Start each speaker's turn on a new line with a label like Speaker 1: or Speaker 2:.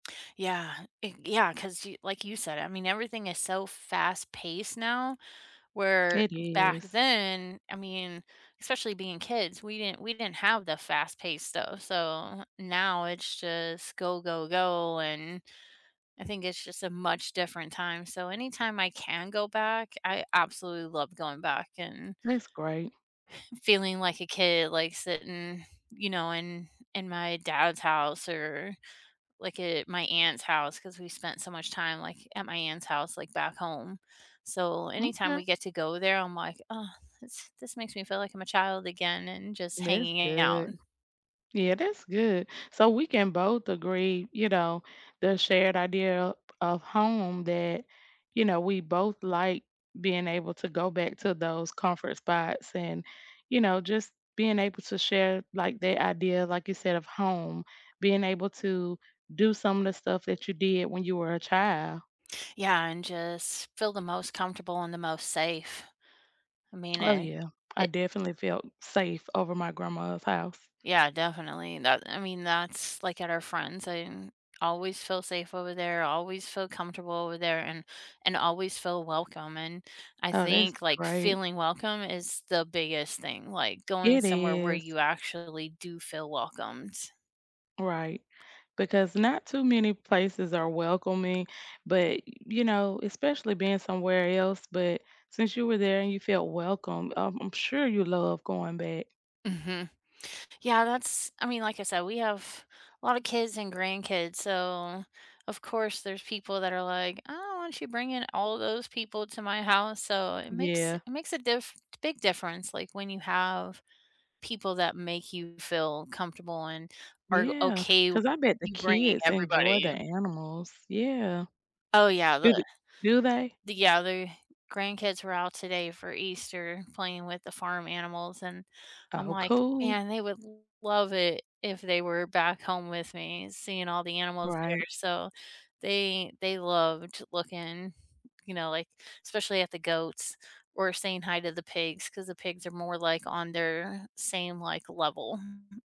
Speaker 1: Yeah, it Yeah, 'cause you like you said, I mean, everything is so fast-paced now where
Speaker 2: It
Speaker 1: back
Speaker 2: is.
Speaker 1: then I mean, especially being kids, we didn't we didn't have the fast pace stuff. So, now it's just go, go, go, and I think it's just a much different time. So anytime I can go back, I absolutely love going back and
Speaker 2: That's great.
Speaker 1: feeling like a kid, like, sitting, you know, in in my dad's house or, like, at my aunt's house, 'cause we spent so much time, like, at my aunt's house, like, back home. So anytime
Speaker 2: M'kay.
Speaker 1: we get to go there, I'm like, "Oh, this this makes me feel like I'm a child again," and just
Speaker 2: That's
Speaker 1: hanging out.
Speaker 2: good. Yeah, that's good. So we can both agree, you know, the shared idea of of home that, you know, we both like being able to go back to those comfort spots, and, you know, just being able to share, like, the idea like you said of home, being able to do some of the stuff that you did when you were a child.
Speaker 1: Yeah, and just feel the most comfortable and the most safe. I mean
Speaker 2: Oh
Speaker 1: it
Speaker 2: yeah. I
Speaker 1: it
Speaker 2: definitely felt safe over my grandma's house.
Speaker 1: Yeah, definitely, and that I mean, that's, like, at our friends I didn't always feel safe over there, always feel comfortable over there, and and always feel welcome, and I
Speaker 2: Oh, that's
Speaker 1: think, like,
Speaker 2: great.
Speaker 1: feeling welcome is the biggest thing, like going
Speaker 2: It
Speaker 1: somewhere where
Speaker 2: is.
Speaker 1: you actually do feel welcomed.
Speaker 2: Right. Because not too many places are welcoming, but, you know, especially being somewhere else, but since you were there and you felt welcome, um, I'm sure you love going back.
Speaker 1: Mhm. Yeah, that's I mean, like I said, we have a lot of kids and grandkids, so, of course, there's people that are like, "Oh, whatcha you bringing all those people to my house." So it makes
Speaker 2: Yeah.
Speaker 1: it makes a diff big difference, like, when you have people that make you feel comfortable and are
Speaker 2: Yeah,
Speaker 1: okay with
Speaker 2: 'cause I bet the
Speaker 1: you bringing
Speaker 2: kids enjoy the
Speaker 1: everybody.
Speaker 2: animals. Yeah.
Speaker 1: Oh, yeah,
Speaker 2: Is
Speaker 1: the
Speaker 2: it Do they?
Speaker 1: the Yeah, their grandkids were out today for Easter, playing with the farm animals, and I'm
Speaker 2: Oh,
Speaker 1: like,
Speaker 2: cool.
Speaker 1: "Man, they would love it if they were back home with me, seeing all the animals there."
Speaker 2: Right.
Speaker 1: So, they they loved to looking, you know, like, especially at the goats or saying hi to the pigs, 'cause the pigs are more, like, on their same, like, level.